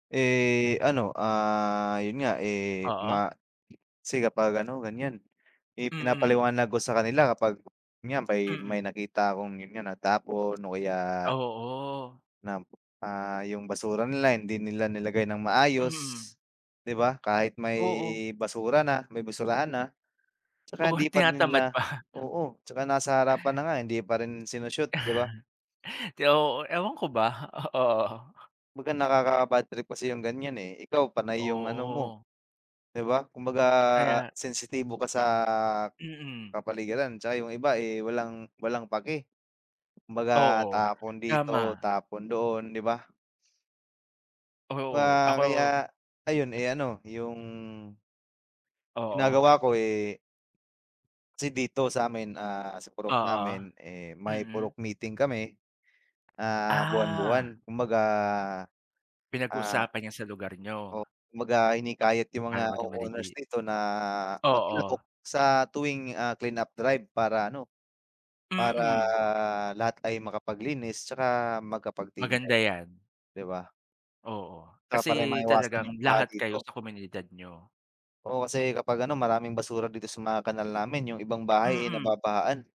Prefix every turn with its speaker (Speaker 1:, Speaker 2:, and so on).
Speaker 1: Eh, ano, ah, yun nga, eh,
Speaker 2: Oo.
Speaker 1: ma kasi kapag ano, ganiyan, eh,
Speaker 2: Mm.
Speaker 1: pinapaliwanag ko sa kanila kapag 'yan may may
Speaker 2: Mm.
Speaker 1: nakita akong yun nga, natapon o kaya
Speaker 2: Oo.
Speaker 1: na, ah, yung basura nila hindi nila nilagay ng maayos,
Speaker 2: Mm.
Speaker 1: 'di ba? Kahit may
Speaker 2: Oo.
Speaker 1: basura na may basurahan na, 'tsaka
Speaker 2: Oo,
Speaker 1: hindi parin
Speaker 2: tinatamad
Speaker 1: nila
Speaker 2: pa.
Speaker 1: oo, 'tsaka nasa harapan na nga, hindi pa rin sino-shoot, 'di ba?
Speaker 2: Kaya oo. Ewan ko ba, o oo.
Speaker 1: Kumbaga nakaka-bad trip kasi yung ganiyan, eh. Ikaw, panay yung ano mo,
Speaker 2: Oo.
Speaker 1: 'di ba? Kumbaga
Speaker 2: Kaya
Speaker 1: sensitibo ka sa
Speaker 2: Mm.
Speaker 1: kapaligiran, 'tsaka yung iba, eh, walang walang paki. Kumbaga
Speaker 2: Oo.
Speaker 1: tapon dito,
Speaker 2: Tama.
Speaker 1: tapon doon, 'di ba?
Speaker 2: Oo,
Speaker 1: Wa
Speaker 2: ako
Speaker 1: kaya ayun, eh, ano, yung
Speaker 2: Oo.
Speaker 1: ginagawa ko, eh Kasi dito sa'min, ah, sa purok
Speaker 2: Oo.
Speaker 1: namin, eh, may
Speaker 2: Mm.
Speaker 1: purok meeting kami, ah,
Speaker 2: Ah.
Speaker 1: buwan-buwan. Kumbaga, ah
Speaker 2: Pinag-uusapan 'yan sa lugar
Speaker 1: O,
Speaker 2: niyo.
Speaker 1: kumbaga hinihikayat yung mga
Speaker 2: Ayaw maging
Speaker 1: co-owners
Speaker 2: madali.
Speaker 1: dito na makilahok
Speaker 2: Oo.
Speaker 1: sa tuwing, ah, clean-up drive para ano, para
Speaker 2: Mm.
Speaker 1: lahat ay makapaglinis, 'tsaka makapag-team
Speaker 2: Maganda
Speaker 1: work,
Speaker 2: 'yan.
Speaker 1: 'di ba?
Speaker 2: Oo.
Speaker 1: 'Tsaka para
Speaker 2: Kasi
Speaker 1: maiwasan yung
Speaker 2: talagang
Speaker 1: baha
Speaker 2: lahat kayo
Speaker 1: dito.
Speaker 2: sa komunidad niyo.
Speaker 1: Oo, kasi kapag ano, maraming basura dito sa mga kanal namin, yung ibang bahay, eh,
Speaker 2: Mm.
Speaker 1: nababahaan.